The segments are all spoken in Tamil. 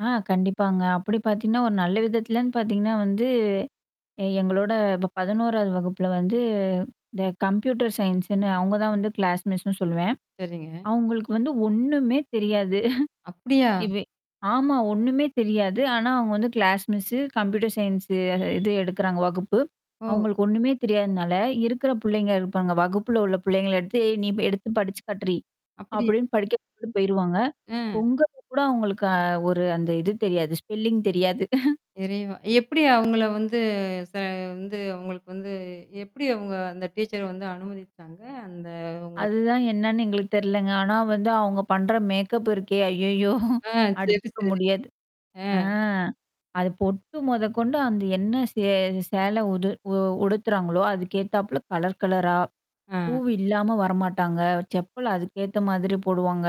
ஆ கண்டிப்பாங்க. அப்பிடி பாத்தீங்கன்னா, ஒரு நல்ல விதத்துலன்னு பாத்தீங்கன்னா வந்து எ எங்களோட இப்ப 11 வது வகுப்புல வந்து இந்த கம்ப்யூட்டர் சயின்ஸ்ன்னு அவுங்க தான் வந்து கிளாஸ் மிஸ்னு சொல்லுவேன். சரிங்க. அவுங்களுக்கு வந்து ஒன்னுமே தெரியாது. அப்பிடியா? [unintelligible] ஆமா. ஒன்னுமே தெரியாது. ஆனா அவுங்க வந்து கிளாஸ் மிஸ்ஸு, கம்ப்யூட்டர் சயின்ஸ்ஸு எ இது எடுக்கறாங்க வகுப்பு. ஓ! அவுங்களுக்கு ஒன்னுமே தெரியாதுன்னால இருக்கிற புள்ளைங்க இருப்பாங்க. வகுப்புல உள்ள புள்ளைங்கள எடுத்து, ஏ நீ எடுத்து படிச்சு காட்டுடி! அப்படியா. அப்பிடின்னு படிக்க சொல்லிட்டு போயிருவாங்க. அ. பொங்கலுக்கு கூட அவுங்களுக்கு அ ஒரு அந்த இது தெரியாது. ஸ்பெல்லிங் தெரியாது. இறைவா! எப்பிடி அவுங்கள வந்து ச வந்து அவுங்களுக்கு வந்து எப்பிடி அவுங்க அந்த டீச்சர வந்து அனுமதிச்சாங்க? அந்த அதுதான் [unintelligible] என்னன்னு எங்களுக்கு தெரிலங்க. ஆனா வந்து அவுங்க பண்ற மேக்கப் இருக்கே! ஐய்யய்யோ! ஆ, சரி, அடிச்சுக்க சரி. முடியாது. ஆ. ஆ. அது பொட்டு மொதக்கொண்டு அந்த என்ன சே சேலை உது உ உடுத்துறாங்களோ! அதுக்கேத்தாப்ல கலர் கலரா. அ. பூவு இல்லாம வரமாட்டாங்க செப்பல் அதுக்கேத்த மாதிரி போடுவாங்க.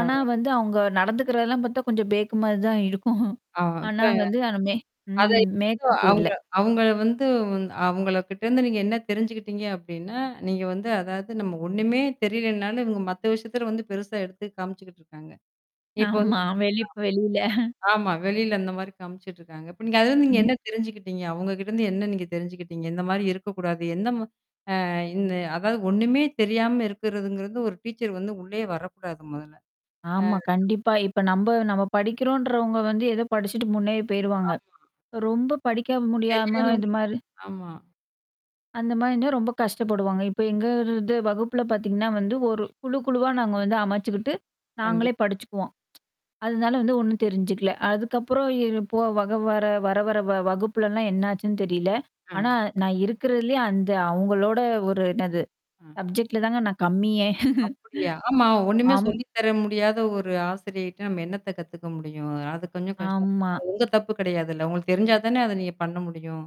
ஆனா வந்து அவுங்க நடந்துக்கிறதெல்லாம் பாத்தா கொஞ்சம் பேக்குமாரி தான் இருக்கும். ஆ அப்ப ஆனா வந்து ஆனா மேக் அத ம் [unintelligible] மேக்கப் இல்ல. அவுங்க அவுங்கள வந்து வந் அவுங்களகிட்டருந்து நீங்க என்ன தெரிஞ்சுக்கிட்டீங்க அப்பிடின்னா, நீங்க வந்து அதாவது நம்ம ஒன்னுமே தெரிலனாலும் இவுங்க மத்த விஷயத்துல வந்து பெருசா எடுத்து காமிச்சுக்கிட்டுருக்காங்க. இப்போ வந்து ஆமா. [unintelligible] வெளிப் வெளில. ஆமா. வெளில அந்தமாரி காமிச்சுட்டுருக்காங்க. இப்ப நீங்க அதுலருந்து நீங்க ம். என்ன தெரிஞ்சுக்கிட்டீங்க? அவுங்ககிட்டருந்து என்ன நீங்க தெரிஞ்சுக்கிட்டீங்க? இந்தமாரி இருக்கக்கூடாது. எந்த ம அ இந்த அதாது ஒன்னுமே தெரியாம இருக்கிறதுங்கிறது ஒரு டீச்சர் வந்து உள்ளயே வரக்கூடாது முதல்ல. ஆமா ஆ. கண்டிப்பா. இப்ப நம்ப நம்ம படிக்கிறோன்றவங்க வந்து ஏதோ படிச்சுட்டு முன்னேறி போயிருவாங்க. ஆமா. ரொம்ப படிக்காம முடியாம இது மாரி [unintelligible] ஆமா. அந்தமாரி இருந்தா ரொம்ப கஷ்டப்படுவாங்க. இப்ப எங்க வகுப்புல பாத்தீங்கன்னா வந்து ஒரு குழு, குழுவா நாங்க வந்து அமைச்சுக்கிட்டு. கண்டிப் நாங்களே படிச்சுக்குவோம் அதனால வந்து ஒன்னும் தெரிஞ்சுக்கல. அதுக்கப்புறம் எற போ வக வர வர வர வ வகுப்புலலாம் என்னாச்சுன்னு தெரில. ஆ. ஆனா நான் இருக்கிறதிலயே அந்த அவுங்களோட ஒரு என்னது அ. சப்ஜெக்ட்ல தாங்க நான் கம்மியே! அப்பிடியா? ஆமா ஒன்னுமே அம். சொல்லி தர முடியாத ஒரு ஆசிரியைட்ட நம்ம என்னத்த கத்துக்க முடியும்? அது கொஞ்சம் கஷ்டம்தான். ஆமா. அது உங்க தப்பு கிடையாதுல்ல. உங்களுக்கு தெரிஞ்சா தானே அத நீங்க பண்ண முடியும்?